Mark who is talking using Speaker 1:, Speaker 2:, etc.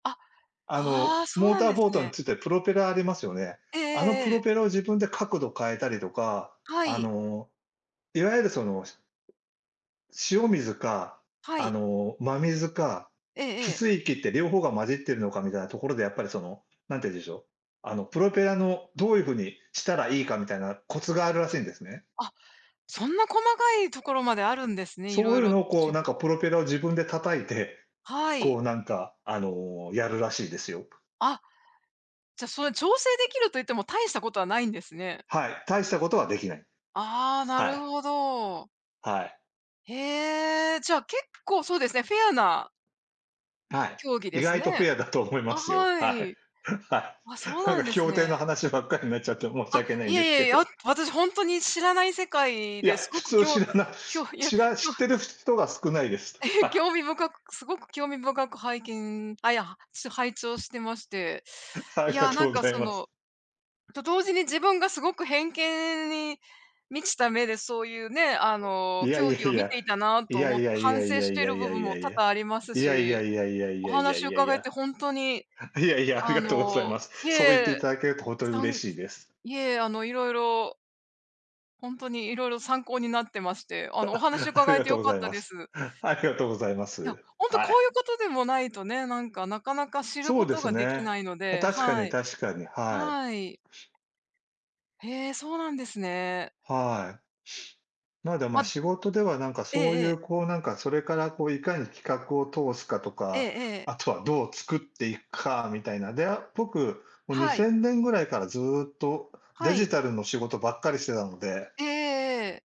Speaker 1: あ、
Speaker 2: あの、
Speaker 1: はあ、そう
Speaker 2: モー
Speaker 1: なん
Speaker 2: ター
Speaker 1: で
Speaker 2: ボー
Speaker 1: す
Speaker 2: トに
Speaker 1: ね。
Speaker 2: ついてプロペラありますよね。
Speaker 1: ええ
Speaker 2: あの、
Speaker 1: え
Speaker 2: プ
Speaker 1: ええ
Speaker 2: ロ
Speaker 1: え。
Speaker 2: ペラを自分で角度変えたりとか、
Speaker 1: は
Speaker 2: あ
Speaker 1: い。
Speaker 2: の、いわゆるそのし塩水か、
Speaker 1: は
Speaker 2: あ
Speaker 1: い。
Speaker 2: の、真水か、
Speaker 1: ええ
Speaker 2: 汽
Speaker 1: ええ。
Speaker 2: 水域って両方が混じってるのかみたいなところでやっぱりその、何て言うんでしょう、あの、プロペラのどういう風にしたらいいかみたいなコツがあるらしいんですね。
Speaker 1: あ、そんな細かいところまであるんですね、い
Speaker 2: そ
Speaker 1: ろ
Speaker 2: う
Speaker 1: い
Speaker 2: いう
Speaker 1: ろ
Speaker 2: の
Speaker 1: [unintelligible]
Speaker 2: をこう、
Speaker 1: ち
Speaker 2: なんかプロペラを自分で叩いて、
Speaker 1: はい。
Speaker 2: こう、なんかあの、やるらしいですよ。
Speaker 1: あ。じゃ、それ調整できると言っても大したことはないんですね。
Speaker 2: はい、大したことはできない。
Speaker 1: ああ、な
Speaker 2: は
Speaker 1: る
Speaker 2: い。
Speaker 1: ほど。
Speaker 2: はい。
Speaker 1: へえ、じゃあ、結構そうですね、フェアな
Speaker 2: は
Speaker 1: 競技
Speaker 2: い。
Speaker 1: で
Speaker 2: 意
Speaker 1: す
Speaker 2: 外とフ
Speaker 1: ね。
Speaker 2: ェアだと思いま
Speaker 1: あ、
Speaker 2: すよ、
Speaker 1: は
Speaker 2: はい。
Speaker 1: い。
Speaker 2: は
Speaker 1: あ、そう
Speaker 2: い。なん
Speaker 1: な
Speaker 2: か
Speaker 1: んです
Speaker 2: 競艇の
Speaker 1: ね。
Speaker 2: 話ばっかりになっちゃって申し
Speaker 1: あ、
Speaker 2: 訳ないん
Speaker 1: いえ-
Speaker 2: ですけ
Speaker 1: いえ-いえ、あ、
Speaker 2: ど。
Speaker 1: 私ほんとに知らない世界
Speaker 2: いや、
Speaker 1: です
Speaker 2: 普
Speaker 1: ごく、
Speaker 2: 通
Speaker 1: きょ
Speaker 2: 知らな
Speaker 1: きょいや、
Speaker 2: 知ら
Speaker 1: きょ
Speaker 2: 知ってる人が少ないです。あ。
Speaker 1: 興味深くすごく興味深く拝見あ、いや、ち拝聴してまして。
Speaker 2: あ
Speaker 1: い
Speaker 2: りが
Speaker 1: や、な
Speaker 2: と
Speaker 1: ん
Speaker 2: うご
Speaker 1: か
Speaker 2: ざい
Speaker 1: そ
Speaker 2: ます。
Speaker 1: の、と、同時に自分がすごく偏見に満ちた目で、そういうね、あの、
Speaker 2: いやい
Speaker 1: 競技
Speaker 2: や
Speaker 1: を
Speaker 2: い
Speaker 1: 見
Speaker 2: や。
Speaker 1: ていたな
Speaker 2: い
Speaker 1: と
Speaker 2: や
Speaker 1: 思っ
Speaker 2: い
Speaker 1: て
Speaker 2: やいや
Speaker 1: 反
Speaker 2: い
Speaker 1: 省
Speaker 2: や
Speaker 1: し
Speaker 2: い
Speaker 1: て
Speaker 2: や
Speaker 1: る
Speaker 2: い
Speaker 1: 部
Speaker 2: や
Speaker 1: 分
Speaker 2: い
Speaker 1: も
Speaker 2: やい
Speaker 1: 多
Speaker 2: や。
Speaker 1: 々あります
Speaker 2: いやいや
Speaker 1: し。
Speaker 2: いやいやい
Speaker 1: お
Speaker 2: やいや
Speaker 1: 話
Speaker 2: いやい
Speaker 1: 伺え
Speaker 2: や。
Speaker 1: てほんとに、
Speaker 2: いやいや、あり
Speaker 1: あ
Speaker 2: がとうござい
Speaker 1: の、
Speaker 2: ます。
Speaker 1: へ
Speaker 2: そう言ってい
Speaker 1: え
Speaker 2: ただけると、ほんとに
Speaker 1: さ
Speaker 2: 嬉
Speaker 1: ん
Speaker 2: しいです。
Speaker 1: いえ、あの、色々ほんとに色々参考になってまして、あの、お
Speaker 2: あ
Speaker 1: 話
Speaker 2: り
Speaker 1: 伺え
Speaker 2: が
Speaker 1: て
Speaker 2: とう
Speaker 1: 良
Speaker 2: ご
Speaker 1: かっ
Speaker 2: ざい
Speaker 1: た
Speaker 2: ま
Speaker 1: で
Speaker 2: す、
Speaker 1: す。
Speaker 2: ありがとうございま
Speaker 1: いや、
Speaker 2: す。
Speaker 1: ほんと、
Speaker 2: は
Speaker 1: こういう
Speaker 2: い。
Speaker 1: ことでもないとね、なんか、なかなか知る
Speaker 2: そう
Speaker 1: こ
Speaker 2: で
Speaker 1: と
Speaker 2: す
Speaker 1: ができ
Speaker 2: ね。
Speaker 1: ないの
Speaker 2: ま、
Speaker 1: で
Speaker 2: 確か
Speaker 1: は
Speaker 2: に
Speaker 1: い。
Speaker 2: 確かに、はい。
Speaker 1: はい。へえ、そうなんですね。
Speaker 2: はい。なので、
Speaker 1: ま
Speaker 2: ま、仕事では、なんか
Speaker 1: ええ
Speaker 2: そうい
Speaker 1: ええ。
Speaker 2: う、こう、なんかそれからこう、いかに企画を通すかと
Speaker 1: ええ
Speaker 2: か、
Speaker 1: ええ。
Speaker 2: 後はどう作っていくかみたいな。で、あ、僕もうに
Speaker 1: はい。
Speaker 2: せんねんぐらいからずっと、デ
Speaker 1: は
Speaker 2: ジ
Speaker 1: い。
Speaker 2: タルの仕事ばっかりしてたので。
Speaker 1: ええええええ。